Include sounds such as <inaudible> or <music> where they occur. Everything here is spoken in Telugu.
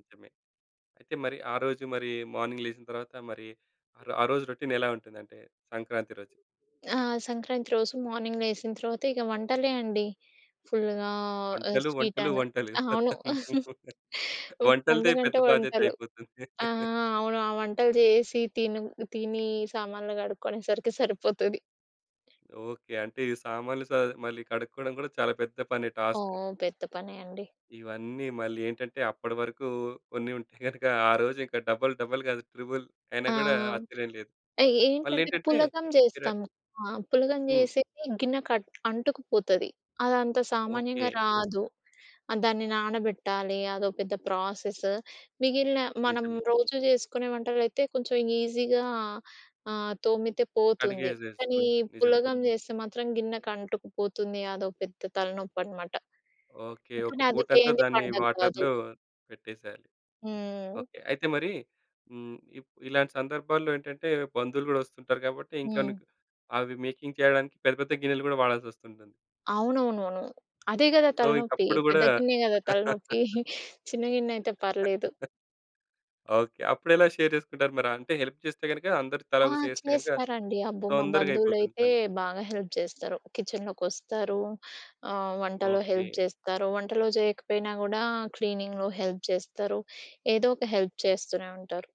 నిజమే. అయితే మరి ఆ రోజు మరి, మార్నింగ్ లేచిన తరువాత, మరి ఆరొ ఆ రోజు రొటీన్ ఎలా ఉంటుందంటే సంక్రాంతి రోజు? ఆ సంక్రాంతి రోజు మార్నింగ్ లేచిన తర్వాత, ఇక వంటలే అండి. ఫుల్‌గా ఆహ్, వంటలు, స్వీట్ వంటలు, అను. వంటలు. అవును. పెత్తనం <chuckles> వంటలదే పండగ పెద్ద అంటే వంటలు. బాధ్యతైపోతుంది. ఆ! ఆ! అవును ఆ వంటలు జేసి తిను తిని సామాన్లు గడుక్కునేసరికి సరిపోతది. ఓకే. అంటే ఈ సామాన్లు సర్ద్ మళ్ళీ కడుక్కోవడం కూడా, చాలా పెద్ద పని టాస్క్. ఓహ్! పెద్ద పనే అండి. ఇవన్నీ మళ్ళీ ఏంటంటే, అప్పటివరకు కొన్ని ఉంటె గనుక ఆ రోజు ఇంకా డబుల్, డబుల్ గాదు త్రిబుల్ అయినా ఆ! గూడా ఆశ్చర్యం లేదు. మళ్ళీ ఏంటంటే ఏంటంటే పులగం కిరా జేస్తాము. ఆ! పులగం హ్మ్. జేసేది గిన్నె కడ్ అంటుకుపోతది. అది అంత సామాన్యంగా ఓకే. రాదు. ఆహ్, దాన్ని నానబెట్టాలి. అదో పెద్ద ప్రాసెసు. మిగిలిన మనం నిజమే. రోజు జేసుకునే వంటలైతే, కొంచెం ఈజీగా ఆహ్, తోమితే పోతుంది. కడిగేజ్ కానీ, జేసుకోవచ్చు నిజమే. పులగం చేస్తే మాత్రం గిన్నెకంటుకుపోతుంది. అదో పెద్ద తలనొప్పనమాట. ఓకే. ఒక కానీ, అది పూట అంతా చేయనిది దాన్ని పండగ కాదు. వాటర్‌లో పెట్టేసేయాలి. హ్మ్. ఓకే. అయితే మరి హ్మ్, ఇప్ ఇలాంటి సందర్భాల్లో ఏంటంటే, బంధువులు కూడా వస్తుంటారు కాబట్టి, ఇంకా హ్మ్. నీకు అవి మేకింగ్ చేయడానికి పెద్ద, పెద్ద గిన్నెలు కూడా వాడాల్సొస్తుంటుంది. అవునవునవును. అదే గదా సో, ఇంక తలనొప్పి. అప్పుడు గూడా పెద్ద గిన్నె కదా తలనొప్పి. <laughs> <chuckles> చిన్న గిన్నె అయితే <chuckles> పర్లేదు. ఓకే. అప్పుడెలా షేర్ చేసుకుంటారు మరి? అంటే, హెల్ప్ చేస్తే గనుక, అందరు ఆ! తలోక చెయేస్తే గనుక చేస్తారండి. అబ్బో! మా తొందరగా అయిపోతుంది బంధువులైతే పని. బాగా హెల్ప్ జేస్తారు. కిచెన్‌లోకొస్తారు. ఆహ్, వంటలో ఓకే. హెల్ప్ జేస్తారు. వంటలు జేయకపోయినా కూడా, క్లీనింగ్‌లో హెల్ప్ జేస్తారు. ఏదో ఒక హెల్ప్ చేస్తూనే ఉంటారు.